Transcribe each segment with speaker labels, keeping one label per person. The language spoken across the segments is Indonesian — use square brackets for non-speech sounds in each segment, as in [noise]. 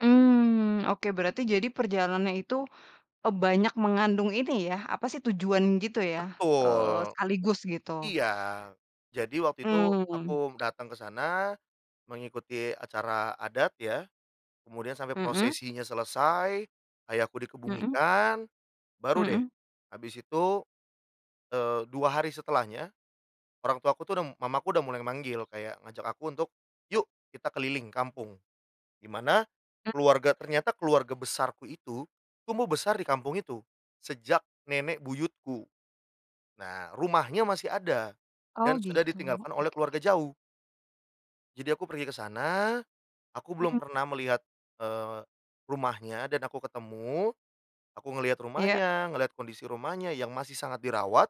Speaker 1: Mmm, oke berarti jadi perjalanan itu, eee, banyak mengandung ini ya apa sih tujuan gitu ya, eee,
Speaker 2: Betul.
Speaker 1: sekaligus gitu,
Speaker 2: Iya. Jadi waktu itu
Speaker 1: mmm.
Speaker 2: aku datang kesana, mengikuti acara adat ya. Kemudian sampai
Speaker 1: Mhm?
Speaker 2: prosesinya selesai, Ayahku
Speaker 1: Mhm.
Speaker 2: dikebumikan, baru deh,
Speaker 1: Mhm.
Speaker 2: habis itu, eee, 2 hari setelahnya, orang tuaku tuh du Mamaku udah mulai manggil kayak ngajak aku untuk, "Yuk, kita keliling kampung" dimana
Speaker 1: M
Speaker 2: keluarga ternyata keluarga besarku itu, tumbuh besar di kampung itu, sejak nenek buyutku. Nah, rumahnya masih ada,
Speaker 1: Oh
Speaker 2: dan sudah
Speaker 1: gitu
Speaker 2: ditinggalkan oleh
Speaker 1: oke.
Speaker 2: keluarga jauh jadi aku pergi ke sana, aku belum
Speaker 1: Mhm.
Speaker 2: pernah melihat, eee, rumahnya dan aku ketemu. Aku ngelihat
Speaker 1: Iya.
Speaker 2: rumahnya, ngelihat kondisi rumahnya yang masih sangat dirawat,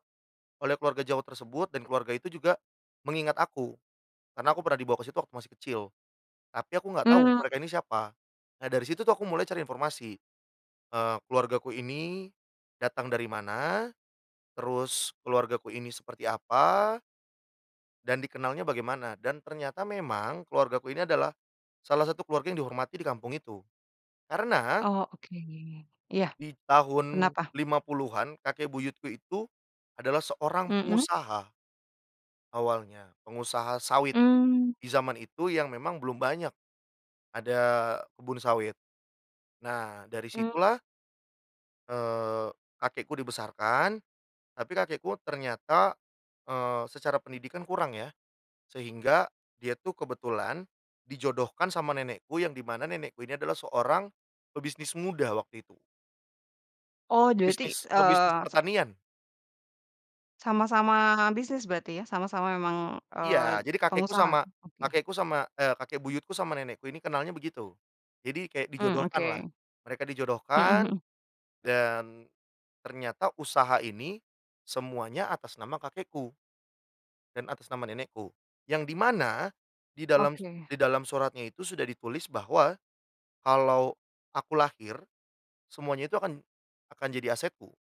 Speaker 2: oleh keluarga jauh tersebut dan keluarga itu juga mengingat aku. Karena aku pernah dibawa ke situ waktu masih kecil, tapi aku nggak tahu
Speaker 1: Mmm.
Speaker 2: mereka ini siapa. Nah dari situ tuh, aku mulai cari informasi, eee, keluargaku ini, datang dari mana. Terus keluargaku ini seperti apa dan dikenalnya bagaimana dan ternyata memang keluargaku ini adalah, salah satu keluarga yang dihormati di kampung itu. Karena
Speaker 1: Oh oke, iya,
Speaker 2: di tahun
Speaker 1: kenapa?
Speaker 2: 50-an kakek buyutku itu, adalah seorang
Speaker 1: Mhm?
Speaker 2: pengusaha awalnya pengusaha sawit,
Speaker 1: Mmm.
Speaker 2: di jaman itu yang memang belum banyak, ada kebun sawit. Nah dari
Speaker 1: Mmm.
Speaker 2: situlah eee, kakekku dibesarkan. Tapi kakekku ternyata, eee, secara pendidikan kurang ya, sehingga dia tuh kebetulan, dijodohkan sama nenekku, yang dimana nenekku ini adalah seorang pebisnis muda waktu itu.
Speaker 1: Oh berarti,
Speaker 2: Bisnis pebisnis
Speaker 1: eee, se
Speaker 2: pertanian.
Speaker 1: Sama-sama bisnis berarti ya? Sama-sama memang, eee,
Speaker 2: Iya, jadi kakekku
Speaker 1: pengusaha?
Speaker 2: sama
Speaker 1: Oke.
Speaker 2: kakekku sama, e kakek buyutku sama nenekku ini kenalnya begitu. Jadi kayak
Speaker 1: Mmm,
Speaker 2: dijodohkanlah,
Speaker 1: oke.
Speaker 2: mereka
Speaker 1: Mhm
Speaker 2: dijodohkan.
Speaker 1: mhm.
Speaker 2: Dan, ternyata usaha ini, semuanya atas nama kakekku dan atas nama nenekku. Yang dimana, di dalam
Speaker 1: Oke.
Speaker 2: di dalam suratnya itu sudah ditulis bahwa, kalau aku lahir, semuanya itu akan akan jadi asetku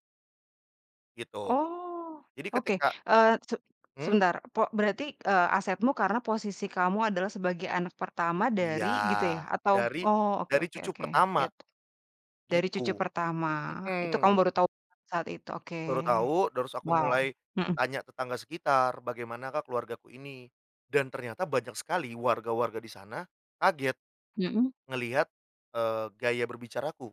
Speaker 2: gitu.
Speaker 1: Oh,
Speaker 2: Jadi
Speaker 1: oke,
Speaker 2: ketika
Speaker 1: eee, se
Speaker 2: Mmm?
Speaker 1: sebentar, pok berarti, eee, asetmu karena posisi kamu adalah sebagai anak pertama
Speaker 2: Iya,
Speaker 1: dari gitu ya? Atau
Speaker 2: dari
Speaker 1: oh oke
Speaker 2: dari
Speaker 1: oke
Speaker 2: cucu
Speaker 1: oke,
Speaker 2: pertama,
Speaker 1: gitu. Dari
Speaker 2: gitu.
Speaker 1: cucu pertama itu kamu
Speaker 2: Mhm.
Speaker 1: baru tahu [unintelligible] saat itu? Oke,
Speaker 2: Baru tahu terus aku
Speaker 1: wow,
Speaker 2: mulai,
Speaker 1: mhm.
Speaker 2: tanya tetangga sekitar "Bagaimanakah keluargaku ini?" Dan ternyata banyak sekali warga-warga disana kaget,
Speaker 1: Mhm.
Speaker 2: ngelihat, eee, gaya berbicaraku.